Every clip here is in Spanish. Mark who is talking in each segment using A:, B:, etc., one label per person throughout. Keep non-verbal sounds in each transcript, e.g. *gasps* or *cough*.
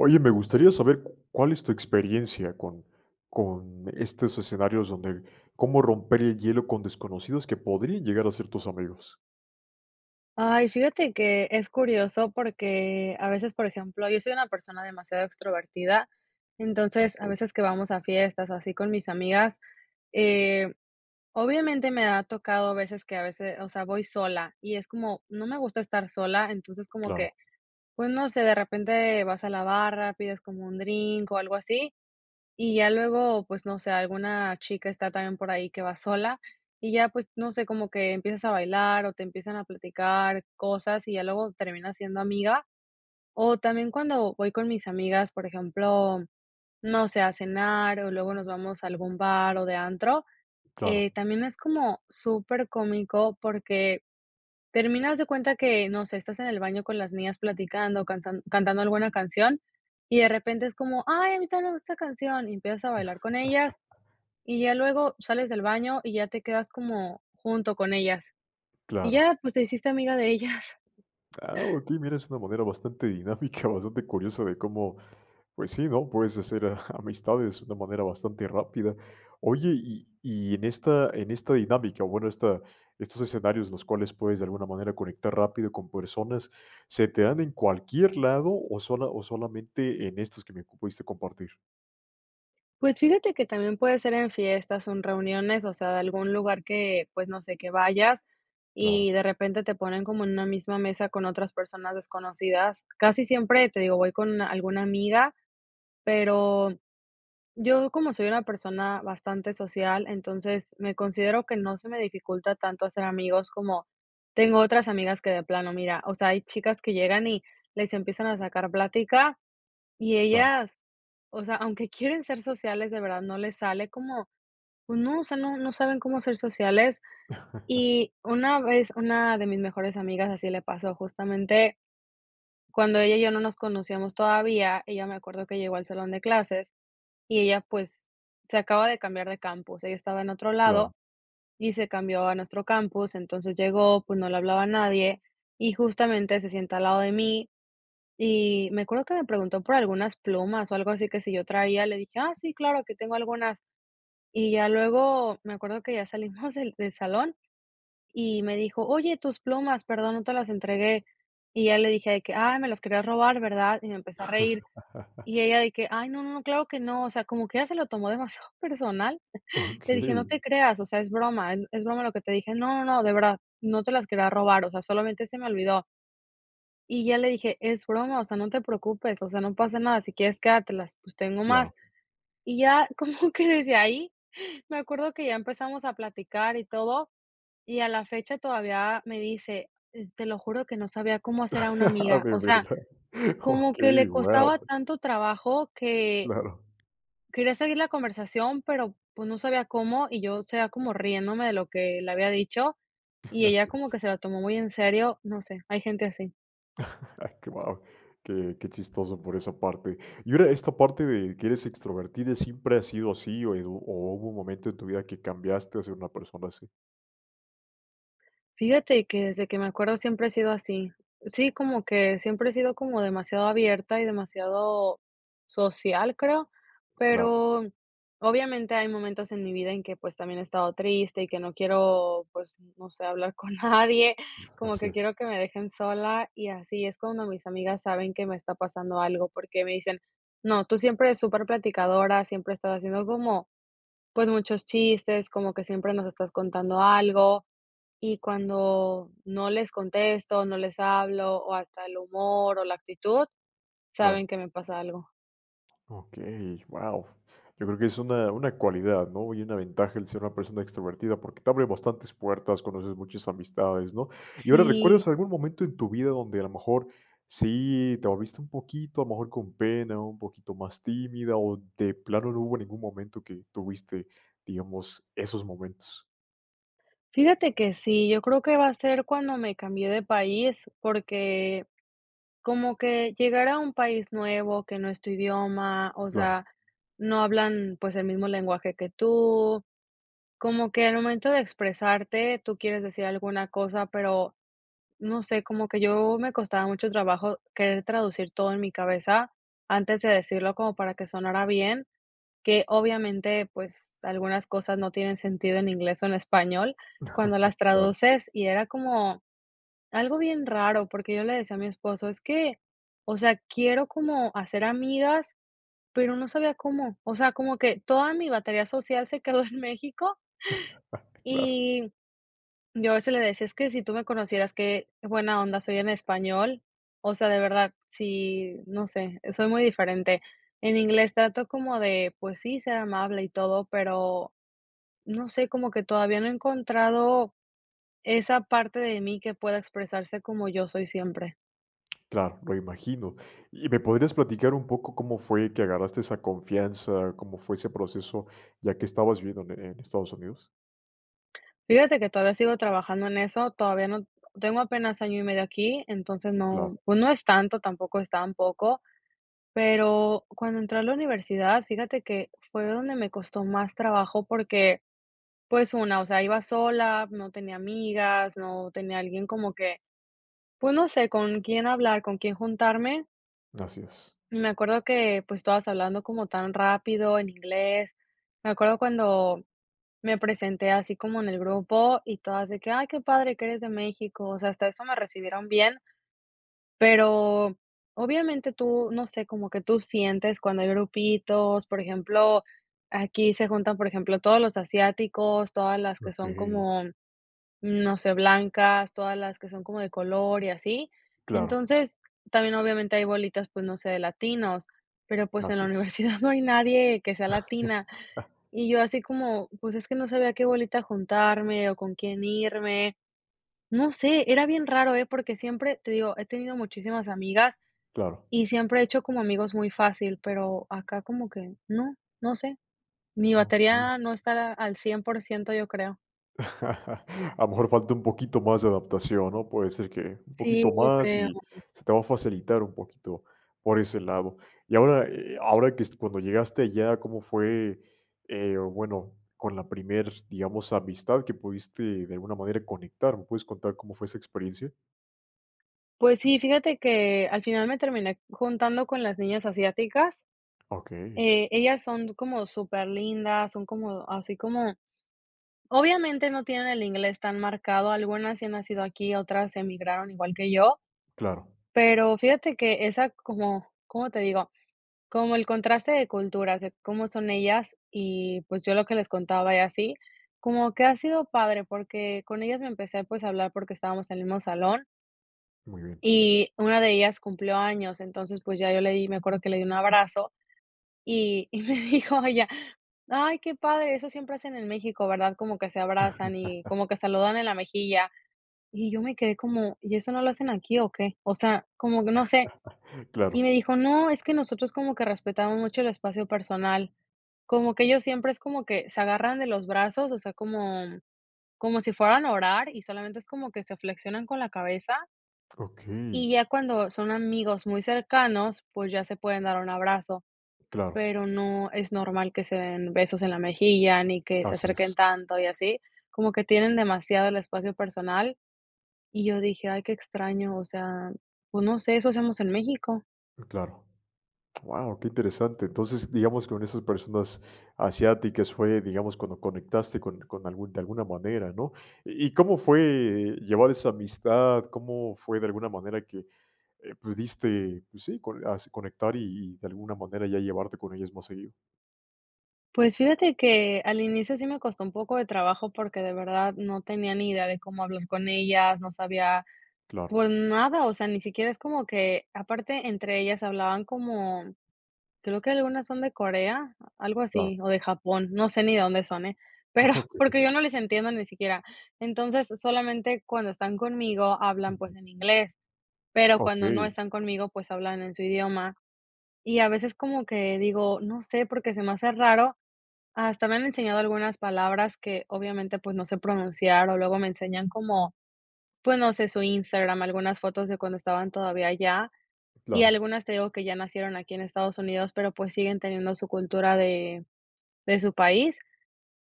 A: Oye, me gustaría saber, ¿c cuál es tu experiencia con con estos escenarios donde cómo romper el hielo con desconocidos que podrían llegar a ser tus amigos?
B: Ay, fíjate que es curioso porque a veces, por ejemplo, yo soy una persona demasiado extrovertida, entonces a
A: Okey.
B: veces que vamos a fiestas así con mis amigas, eh, obviamente me ha tocado a veces que a veces o sea, voy sola y es como no me gusta estar sola, entonces como que,
A: Claro.
B: pues, no sé, de repente vas a la barra, pides como un drink o algo así y ya luego, pues no sé, alguna chica está también por ahí que va sola y ya pues no sé, como que empiezas a bailar o te empiezan a platicar cosas y ya luego termina siendo amiga. O también cuando voy con mis amigas, por ejemplo, no sé, a cenar o luego nos vamos a algún bar o de antro,
A: Claro.
B: eh, también es como supercómico porque termina haz de cuenta que no sé, estás en el baño con las niñas platicando, cansan cantando alguna canción y de repente es como: "Ay, a mí tambièn me gusta esa canción" y empiezas a bailar con ellas
A: *chuckles*
B: y ya luego sales del baño y ya te quedas como junto con ellas y
A: Claro.
B: ya pues te hiciste amiga de ellas.
A: Ah, okey, mira, es una manera bastante dinámica, bastante curiosa de cómo pues sí, ¿no?, puedes hacer a amistades de una manera bastante rápida. Oye, y y en esta en esta dinámica, bueno, esta estos escenarios los cuales puedes, de alguna manera, conectar rápido con personas, ¿se te dan en cualquier lado o sola o solamente en estos que me pudiste compartir?
B: Pues, fíjate que también puede ser en fiestas o en reuniones, o sea, de algún lugar que, pues, no sé, que vayas y
A: Claro.
B: de repente te ponen como en una misma mesa con otras personas desconocidas. Casi siempre, te digo, voy con una alguna amiga, pero yo, como soy una persona bastante social, entonces me considero que no se me dificulta tanto hacer amigos como, tengo otras amigas que de plano mira, o sea, hay chicas que llegan y les empiezan a sacar plática y
A: Claro.
B: ellas, o sea, aunque quieren ser sociales, de verdad no les sale como, pues, no, o sea, no no saben cómo ser sociales.
A: *laughs*
B: Y una vez una de mis mejores amigas así le pasó, justamente cuando ella y yo, no nos conocíamos todavía. Ella me acuerdo que llegó al salón de clases y ella, pues, se acaba de cambiar de campus. Ella estaba en otro
A: Claro.
B: lado y se cambió a nuestro campus. Entonces llegó, pues, no le hablaba a nadie y justamente se sienta al lado de mí, y me acuerdo que me preguntó por algunas plumas o algo así, que si yo traía. Le dije: "ah, sí, claro que tengo algunas". Y ya luego me acuerdo que ya salimos del del salón y me dijo: oye, tus plumas, perdón, no te las entregué. Y ya le dije de que ay, me las quería robar, ¿verdad? Y me empece a reír, y ella
A: *laughs*
B: de que ay, no, no claro que no. O sea, como que ya se lo tomó demasiado personal, le dije: "no te
A: Okey.
B: creas, o sea, es broma, es es broma lo que te dije", "no, no, de verdad, no te las quería robar, o sea, solamente se me olvidó". Y ya le dije: es broma, o sea, no te preocupes, o sea, no pasa nada, si quieres quédatelas, pues, tengo más.
A: Claro.
B: Y ya como que desde ahí me acuerdo que ya empezamos a platicar y todo, y a la fecha todavía me dice: "es te lo juro que no sabía cómo hacer a una
A: Ah,
B: amiga".
A: de
B: O sea,
A: verdad.
B: como que le
A: Okey,
B: costaba
A: guau.
B: tanto trabajo que
A: Claro.
B: quería seguir la conversación, pero pues, no sabía cómo, y yo, o sea, como riéndome de lo que le había dicho, y
A: *chuckles*
B: ella
A: Así
B: como que
A: es.
B: se la tomó muy en serio, no sé, hay gente así.
A: Wao. Qué qué chistoso por esa parte. Y ahora esta parte de que eres extrovertida, ¿siempre ha sido así o, y o o hubo un momento en tu vida que cambiaste a ser una persona así?
B: Fíjate que desde que me acuerdo siempre he sido así, sí como que siempre he sido como demasiado abierta y demasiado social creo,
A: Claro.
B: pero obviamente hay momentos en mi vida en que, pues, también he estado triste y que no quiero, pues, no sé, hablar con nadie como
A: Así
B: que
A: es.
B: quiero que me dejen sola, y así es cuando mis amigas saben que me está pasando algo porque me dicen: "No, tú siempre eres súper platicadora, siempre estás haciendo como, pues, muchos chistes, como que siempre nos estás contando algo," y cuando no les contesto, no les hablo, o hasta el humor, o la actitud, saben
A: Claro.
B: que me pasa algo.
A: Okey, ¡guao! Yo creo que es una una cualidad, ¿no?, y una ventaja el ser una persona extrovertida porque te abre bastantes puertas, conoces muchas amistades, ¿no? Y ahora,
B: Sí.
A: ¿recuerdas algún momento en tu vida donde, a lo mejor, sí te moviste un poquito a lo mejor con pena, o un poquito más tímida o, de plano no hubo ningún momento que tuviste, digamos, esos momentos?
B: Fíjate que sí, yo creo que va a ser cuando me cambié de país, porque, como que llegar a un país nuevo, que no es tu idioma, o
A: Claro.
B: sea, no hablan, pues, el mismo lenguaje que tú. Como que al momento de expresarte, tú quieres decir alguna cosa, pero, no sé, como que yo me costaba mucho trabajo querer traducir todo en mi cabeza antes de decirlo como para que sonara bien, que obviamente, pues, algunas cosas no tienen sentido en inglés o en español cuando
A: *laughs*
B: las
A: Claro.
B: traduces y era como algo bien raro, porque yo le decía a mi esposo: "Es que, o sea, quiero como hacer amigas," pero no sabía cómo, o sea, como que toda mi batería social se quedó en México
A: *laughs* Claro.
B: y, yo a veces le decía: "Es que si tú me conocieras que buena onda soy en español," o sea, de verdad si, no sé, soy muy diferente. En inglés trato como de pues sí, ser amable y todo, pero no sé, como que todavía no he encontrado esa parte de mí que pueda expresarse como yo soy siempre.
A: Claro, lo imagino, ¿y me podrías platicar un poco cómo fue que agarraste esa confianza, cómo fue ese proceso?, ya que estabas viviendo, eh, en Estados Unidos.
B: Fíjate que todavía sigo trabajando en eso, todavía n tengo apenas año y medio aquí, entonces no,
A: Claro.
B: pues, no es tanto, tampoco es tan poco, pero cuando entré a la universidad fíjate que fue donde me costó más trabajo porque, pues, una, o sea, iba sola, no tenía amigas, no tenía alguien como que, pues no sé, con quién hablar, con quién juntarme.
A: Así es.
B: Me acuerdo que, pues, todas hablando como tan rápido en inglés. Me acuerdo cuando me presenté así como en el grupo y todas de que: "Ay qué padre que eres de México", o sea, hasta eso me recibieron bien pero obviamente tú, no sé, como que tú sientes cuando hay grupitos, por ejemplo, aquí se juntan, por ejemplo, todos los asiáticos, todas las que son
A: Okey.
B: como, mm, no sé, blancas, todas las que son como de color y así,
A: Claro.
B: entonces también obviamente hay bolitas, pues, no sé, de latinos, pero pues, en
A: Así
B: la
A: es.
B: universidad no hay nadie que sea latina,
A: *laughs*
B: y yo así como: "pues, es que no sabía a qué bolita juntarme o con quién irme", no sé, era bien raro, eh, porque siempre, te digo, he tenido muchísimas amigas
A: Claro.
B: y siempre he hecho como amigos muy fácil, pero acá como que no, no sé, mi
A: Okey.
B: batería no estará al 100%, yo creo.
A: *laughs* A lo mejor falta un poquito más de adaptación, ¿no?, puede ser, que un
B: Sí,
A: poquito
B: yo
A: más
B: creo.
A: y se te va a facilitar un poquito por ese lado, y ahora, eh, ahora que es cuando llegaste allá, ¿cómo fue, eh, bueno, con la primer, digamos, amistad que pudiste, de alguna manera, conectar? ¿Me puedes contar cómo fue esa experiencia?
B: Pues sí, fíjate que al final me terminé j juntando con las niñas asiáticas.
A: Okey.
B: Eh, ellas son como súper lindas, son como así como. Obviamente no tienen el inglés tan marcado, algunas sí han nacido aquí, otras emigraron igual que yo,
A: Claro.
B: Pero, fíjate que esa como, ¿cómo te digo?, como el contraste de culturas de cómo son ellas y, pues, yo lo que les contaba y así, como que ha sido padre porque con ellas me empecé, pues, a hablar porque estábamos en el mismo salón.
A: Muy bien.
B: Y una de ellas cumplió años, entonces pues ya yo le di me acuerdo que le di un abrazo y y me dijo ella: "Ay qué padre eso siempre hacen en México, ¿verdad?, como que se abrazan y
A: *laughs*
B: como que saludan en la mejilla," y yo me quedé como: "¿Y eso no lo hacen aquí o qué?" O sea, como que no sé.
A: *chuckles*
B: Y
A: Claro.
B: me dijo: "No, es que nosotros como que respetamos mucho el espacio personal." Como que ellos siempre es como que se agarran de los brazos, o sea, como como si fueran a orar y solamente es como que se flexionan con la cabeza
A: Okey.
B: y ya cuando son amigos muy cercanos, pues, ya se pueden dar un abrazo,
A: Claro.
B: pero no es normal que se den besos en la mejilla, ni que se
A: Así
B: acerquen
A: es.
B: tanto y así, como que tienen demasiado el espacio personal. Y yo dije: "Ay, qué extraño," o sea, pues, no sé, eso hacemos en México.
A: Claro, guau, qué interesante, entonces, digamos, con esas personas asiáticas fue, digamos, cuando conectaste con con algún de alguna manera, ¿no? ¿Y y cómo fue llevar esa amistad?, ¿cómo fue, de alguna manera, que, eh, pudiste, pues sí, co as conectar y y, de alguna manera, ya llevarte con ellas más seguido?
B: Pues, fíjate que, al inicio sí me costó un poco de trabajo porque de verdad no tenía ni idea de cómo hablar con ellas, no sabía,
A: Claro.
B: pues nada, o sea, ni siquiera es como que aparte entre ellas hablaban como, creo que algunas son de Corea, algo
A: Claro.
B: así, o de Japón, no sé ni de dónde son, eh, pero, porque,
A: Okey.
B: yo no les entiendo ni siquiera, entonces, solamente cuando están conmigo hablan, pues,
A: Ujú.
B: en inglés, pero cuando no
A: Okey.
B: están conmigo, pues, hablan en su idioma, y a veces como que digo, no sé, porque se me hace raro, hasta me han enseñado algunas palabras que obviamente, pues, no sé pronunciar o luego me enseñan como, pues, no sé, su Instagram, algunas fotos de cuando estaban todavía allá, y
A: Claro.
B: algunas te digo que ya nacieron aquí en Estados Unidos, pero, pues, siguen teniendo su cultura de de su país,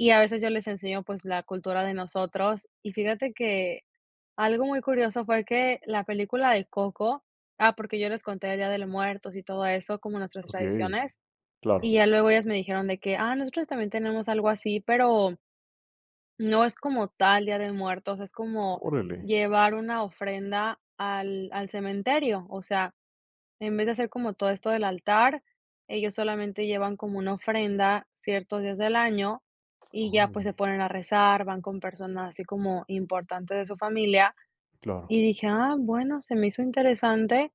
B: y a veces yo les enseño, pues, la cultura de nosotros, y fíjate que, algo muy curioso fue que la película de Coco, ah, porque yo les conté del día de los muertos y todo eso como nuestras
A: Okey,
B: tradiciones, y
A: claro.
B: ya luego ellas me dijeron de que: "Ah, nosotros también tenemos algo así", pero, no es como tal día de muertos, es como
A: Órale.
B: llevar una ofrenda al al cementerio, o sea, en vez de hacer como todo esto del altar, ellos solamente llevan como una ofrenda ciertos días del año y ya, pues, se
A: Órale.
B: ponen a rezar, van con personas así como importantes de su familia,
A: Claro.
B: y dije, ah, bueno, se me hizo interesante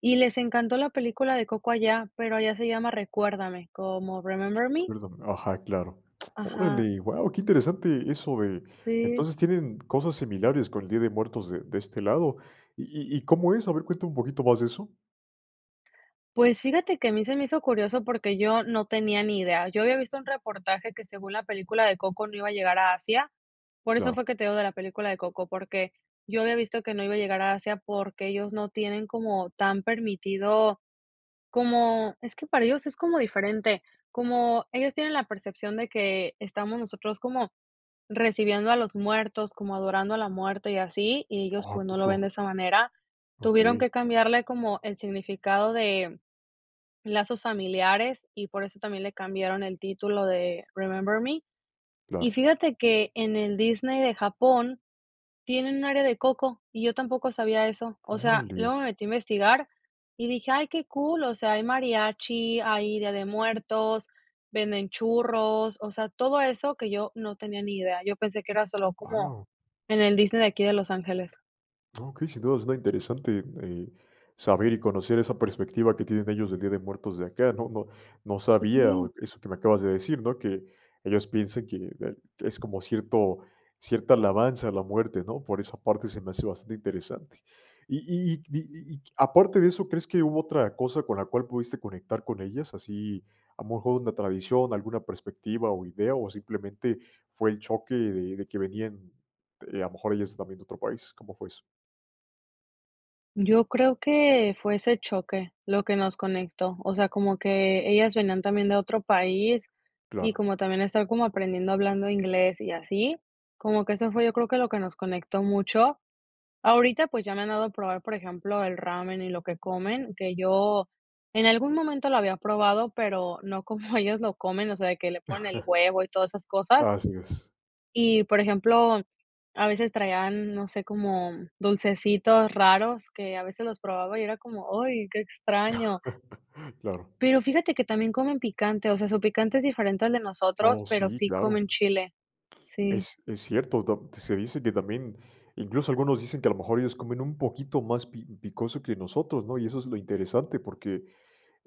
B: y les encantó la película de Coco allá, pero allá se llama Recuérdame, como Remember Me.
A: Perdón, ajá, claro,
B: Ajá.
A: órale, guau, qué interesante eso de,
B: Sí.
A: entonces, tienen cosas similares con el día de muertos de de este lado, ¿y y y cómo es?, a ver, cuéntame un poquito más de eso.
B: Pues, fíjate que a mí se me hizo curioso porque yo no tenía ni idea, yo había visto un reportaje que según la película de Coco no iba a llegar a Asia, por eso
A: Claro.
B: fue que te digo de la película de Coco, porque yo había visto que no iba a llegar a Asia porque ellos no tienen como tan permitido como es que para ellos es como diferente, como ellos tienen la percepción de que estamos nosotros como recibiendo a los muertos, como adorando a la muerte y así, y ellos
A: Oh, ¿a
B: pues no lo ven de
A: poco?
B: esa manera, tuvieron
A: Okey.
B: que cambiarle como el significado de lazos familiares y por eso también le cambiaron el título de Remember Me, y
A: Claro.
B: fíjate que, en el Disney de Japón tienen un área de Coco y yo tampoco sabía eso, o sea,
A: Órale.
B: luego me metí investigar y dije: "Ay qué cool", o sea, hay mariachi, hay Día de Muertos, venden churros, o sea, todo eso que yo no tenía ni idea, yo pensé que era solo como
A: Guau.
B: en el Disney de aquí de Los Ángeles.
A: Okey, sin duda, suena interesante, eh, saber y conocer esa perspectiva que tienen ellos del Día de Muertos de acá, ¿no?, no no
B: Sí.
A: sabía eso que me acabas de decir, ¿no?, que ellos piensen que bue es como cierto, cierta alabanza a la muerte, ¿no?, por esa parte se me hace bastante interesante, y y y di y y aparte de eso, ¿crees que hubo otra cosa con la cual pudiste conectar con ellas?, así, a lo mejor, una tradición, alguna perspectiva o idea, o simplemente fue el choque de de que venían, eh, a lo mejor, ellas también de otro país, ¿cómo fue eso?
B: Yo creo que fue ese choque lo que nos conectó. O sea, como que ellas venían también de otro país y
A: Claro.
B: como también estar como aprendiendo hablando inglés y así, como que eso fue yo creo que lo que nos conectó mucho. Ahorita, pues, ya me han dado a probar, por ejemplo, el ramen y lo que comen, que yo en algún momento lo había probado, pero no como ellos lo comen, o sea, de que le ponen el
A: *chuckles*
B: huevo y todas esas cosas.
A: Así, es.
B: Y por ejemplo, a veces traían, no sé, como dulcecitos raros que a veces los probaba y era como, ay, qué extraño.
A: *laughs* Claro.
B: Pero fíjate que también comen picante, o sea, su picante es diferente al de nosotros,
A: Oh,
B: pero
A: sí,
B: sí comen
A: claro.
B: chile. Sí.
A: Es es cierto, ta se dice que también, incluso algunos dicen que, a lo mejor, ellos comen un poquito más pi picoso que nosotros, ¿no? Y eso es lo interesante, porque,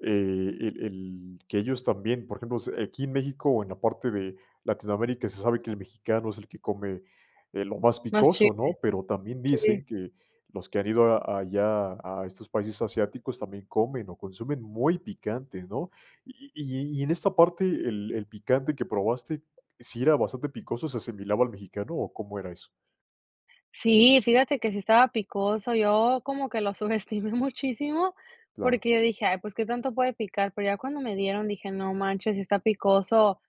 A: eh, el el que ellos también, por ejemplo, s aquí en México o en la parte de Latinoamérica se sabe que el mexicano es el que come, eh, lo más
B: Más chile,
A: picoso, ¿no? Pero también
B: sí.
A: dicen, que los que han ido a allá, a estos países asiáticos, también comen o consumen muy picante, ¿no? Y y y en esta parte, el el picante que probaste, ¿sí era bastante picoso, se asimilaba al mexicano, o cómo era eso?
B: Sí, fíjate que si estaba picoso, yo como que lo subestimé muchísimo,
A: Claro.
B: porque yo dije: "Ay, pues, ¿qué tanto puede picar?". Pero ya cuando me dieron, dije: "No manches, sí está picoso".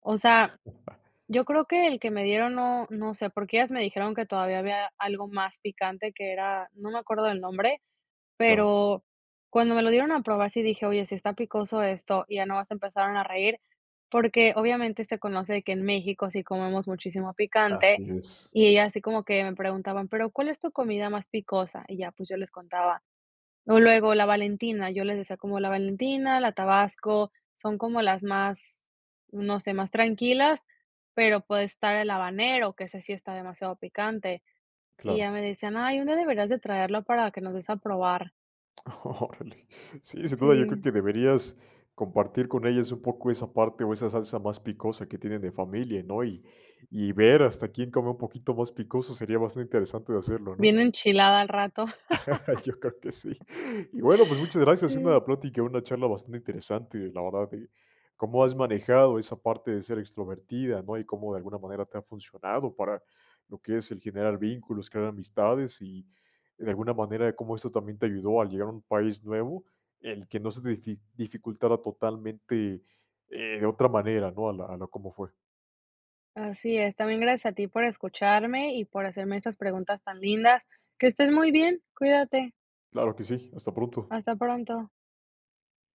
B: O sea,
A: *chuckles*
B: yo creo que el que me dieron no no sé, porque ellas me dijeron que todavía había algo más picante, que era, no me acuerdo el nombre,
A: Claro.
B: pero cuando me lo dieron a probar sí dije: "Oye, sí está picoso esto". Y ya nada más empezaron a reír, porque obviamente se conoce de que en México sí comemos muchísimo
A: Así
B: picante,
A: es.
B: y ellas así como que me preguntaban: "Pero, ¿cuál es tu comida más picosa?". Y ya, pues, yo les contaba. O luego la Valentina, yo les decía como la Valentina, la Tabasco, son como las más, no sé, más tranquilas, pero puede estar el habanero, que ese sí está demasiado picante. Y ya
A: Claro.
B: me decían: "Ay, un día deberías de traerlo para que nos des a probar".
A: Órale. Sí, sin duda, yo creo
B: Sí.
A: que deberías compartir con ellas un poco esa parte o esa salsa más picosa que tienen de familia, ¿no? Y y ver hasta quién come un poquito más picoso, sería bastante interesante de hacerlo, ¿no?
B: Bien enchilada al rato.
A: Yo creo que sí.
B: *laughs*
A: *gasps* Y, bueno, pues muchas gracias, siendo
B: Sí.
A: la plática, una charla bastante interesante, la verdad, eh, cómo has manejado esa parte de ser extrovertida, ¿no? Y cómo, de alguna manera, te ha funcionado para lo que es el generar vínculos, crear amistades, y de alguna manera, cómo esto también te ayudó a llegar a un país nuevo, el que no se te difi dificultara totalmente, eh, de otra manera, ¿no? A la a lo, como fue.
B: Así es, también gracias a ti por escucharme y por hacerme estas preguntas tan lindas. Que estés muy bien, cuídate.
A: Claro que sí, hasta pronto.
B: Hasta pronto.